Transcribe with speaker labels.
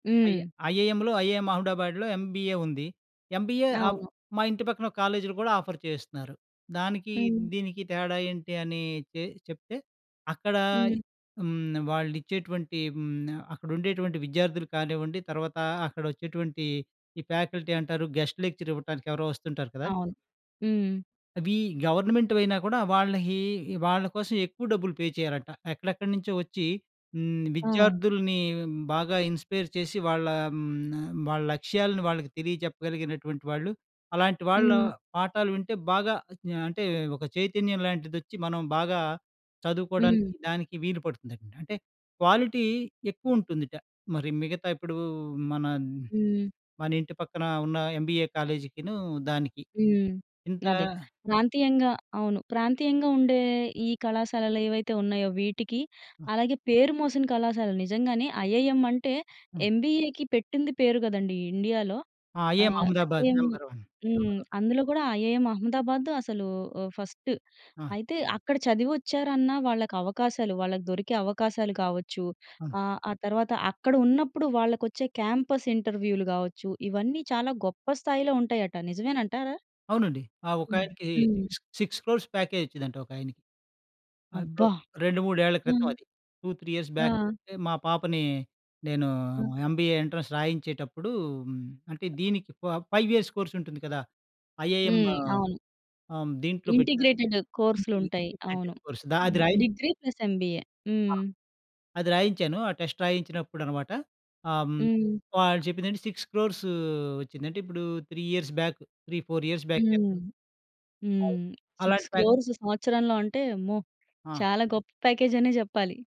Speaker 1: I
Speaker 2: హ్మ్.
Speaker 1: ఐఐఎంలో IIM అహ్మదాబాద్‌లో ఎంబీఏ ఉంది. ఎంబీఏ హ్మ్.
Speaker 2: అవును.
Speaker 1: మా ఇంటి పక్కన కాలేజీలు గూడా ఆఫర్ చేస్తున్నారు. దానికి,
Speaker 2: హ్మ్.
Speaker 1: దీనికి తేడా ఏంటి అని తేల్చి చెప్తే అక్కడ
Speaker 2: హ్మ్.
Speaker 1: హ్మ్. వాళ్ళు ఇచ్చేటువంటి హ్మ్. అక్కడ ఉండేటువంటి విద్యార్థులు కానివ్వండి, తర్వాత అక్కడ వచ్చేటువంటి ఈ ఫ్యాకల్టీ అంటారు గెస్ట్ లెక్చర్ ఇవ్వటానికి ఎవరో వస్తుంటారు కదా!
Speaker 2: అవును. హ్మ్.
Speaker 1: అవి గవర్నమెంట్‌వి అయినా కూడా వాళ్ళహి ఈ వాళ్ళ కోసం ఎక్కువ డబ్బులు పే చేయాలట. ఎక్కడెక్కడి నుంచో వచ్చి హ్మ్.
Speaker 2: ఆ!
Speaker 1: విద్యార్థుల్ని బాగా ఇన్‌స్పైర్ చేసి వాళ్ళ హ్మ్. వాళ్ళ లక్ష్యాలను వాళ్ళకి తెలియజెప్పగలిగినటువంటి వాళ్ళు. అలాంటి వాళ్ళ
Speaker 2: హ్మ్.
Speaker 1: పాఠాలు వింటే బాగా ఆహ్, అంటే ఒక చైతన్యం లాంటిదొచ్చి మనం బాగా చదువుకోవడానికి
Speaker 2: హ్మ్.
Speaker 1: దానికి వీలుపడుతుందంట. అంటే క్వాలిటీ ఎక్కువుంటుందట. మరి మిగతా ఇప్పుడు మన
Speaker 2: హ్మ్.
Speaker 1: మన ఇంటి పక్కన ఉన్న ఎంబీఏ కాలేజీకీను, దానికి.
Speaker 2: హ్మ్.
Speaker 1: ఇంత
Speaker 2: అదే ప్రాంతీయంగా అవును. ప్రాంతీయంగా ఉండే ఈ కళాశాలలు ఏవైతే ఉన్నయో వీటికి,
Speaker 1: హ్మ్.
Speaker 2: అలాగే పేరు మోసిన కళాశాలలు నిజంగానే ఐఐఎం అంటే
Speaker 1: హ్మ్.
Speaker 2: ఎంబీఏ‌కి పెట్టింది పేరు గదండీ ఇండియాలో.
Speaker 1: ఆ! ఐఐఎం
Speaker 2: ఆహ్,
Speaker 1: అహ్మదాబాద్.
Speaker 2: IIM
Speaker 1: number one.
Speaker 2: హ్మ్.
Speaker 1: Number one.
Speaker 2: అందులో గూడా ఐఐఎం అహ్మదాబాద్ అసలు ఓహ్, ఫస్టు
Speaker 1: ఆ!
Speaker 2: అయితే అక్కడ చదివొచ్చారన్నా, వాళ్ళకి అవకాశాలు వాళ్ళకి దొరికే అవకాశాలు కావచ్చు,
Speaker 1: అవును.
Speaker 2: ఆహ్, ఆ తర్వాత అక్కడ ఉన్నప్పుడు వాళ్ళకొచ్చే క్యాంపస్ ఇంటర్వ్యూలు కావచ్చు, ఇవన్నీ చాలా గొప్ప స్థాయిలో ఉంటయట. నిజమేనంటారా?
Speaker 1: అవునండి. ఆ!
Speaker 2: హ్మ్.
Speaker 1: ఒకాయనకి
Speaker 2: హ్మ్.
Speaker 1: సిక్స్ సిక్స్ క్రోర్స్ ప్యాకేజ్ ఇచ్చిందంట ఒకాయనకి. అదెప్పుడో
Speaker 2: అబ్బా!
Speaker 1: 2, 3 ఏళ్ల క్రితం
Speaker 2: హ్మ్.
Speaker 1: అది. 2, 3 ఇయర్స్ బ్యాక్
Speaker 2: ఆ!
Speaker 1: అంటే మా పాపని నేను
Speaker 2: ఆ!
Speaker 1: ఎంబీఏ ఎంట్రన్స్ రాయించేటప్పుడు హ్మ్. అంటే దీనికి ఫ ఫైవ్ ఇయర్స్ కోర్స్ ఉంటుంది కదా! ఐఐఎం
Speaker 2: హ్మ్. అవును.
Speaker 1: హ్మ్. దీంట్లో పెట్టాను.
Speaker 2: ఇంటిగ్రేటెడ్
Speaker 1: ది యూనియన్
Speaker 2: కోర్సులుంటయి. అవును.
Speaker 1: ఇంటిగ్రేటెడ్ కోర్స్ దా అది
Speaker 2: హ్మ్.
Speaker 1: రాయి
Speaker 2: డిగ్రీ ప్లస్ ఎంబీఏ.
Speaker 1: ఆ!
Speaker 2: హ్మ్.
Speaker 1: అది రాయించాను. ఆ టెస్ట్ రాయించినప్పుడు అన్నమాట ఆ! హ్మ్.
Speaker 2: హ్మ్.
Speaker 1: వాళ్ళు చెప్పిందేంటి 6,00,00,000 వచ్చింది. అంటే ఇప్పుడు 3 ఇయర్స్ బ్యాక్. 3, 4 ఇయర్స్ బ్యాకే.
Speaker 2: హ్మ్.
Speaker 1: అవును.
Speaker 2: హ్మ్. సిక్స్
Speaker 1: అలాంటి ప్యాక్
Speaker 2: క్రోర్స్ సంవత్సరంలో అంటే అమ్మో!
Speaker 1: ఆ!
Speaker 2: చాలా గొప్ప ప్యాకేజ్ అనే జెప్పాలి.